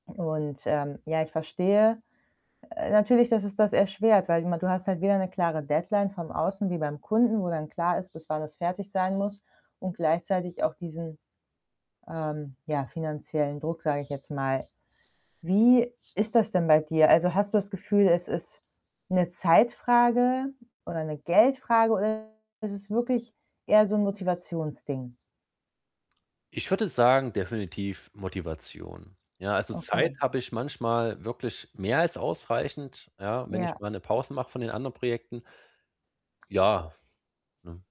Und, ähm, ja, ich verstehe, äh, natürlich dass es das erschwert, weil ma du hast halt weder 'ne klare Deadline vom Außen, wie beim Kunden, wo dann klar ist, bis wann das fertig sein muss und gleichzeitig auch diesen, ähm, ja, finanziellen Druck, sage ich jetzt mal. Wie ist das denn bei dir? Also, hast du das Gefühl, es ist 'ne Zeitfrage, oder 'ne Geldfrage, oder ist es wirklich, eher so 'n Motivationsding? Ich würde sagen: „Definitiv Motivation“, ja also, Okay. Zeit, habe ich manchmal, wirklich mehr als ausreichend, ja, wenn ich Ja. mal 'ne Pause mache, von den anderen Projekten. Ja, ne?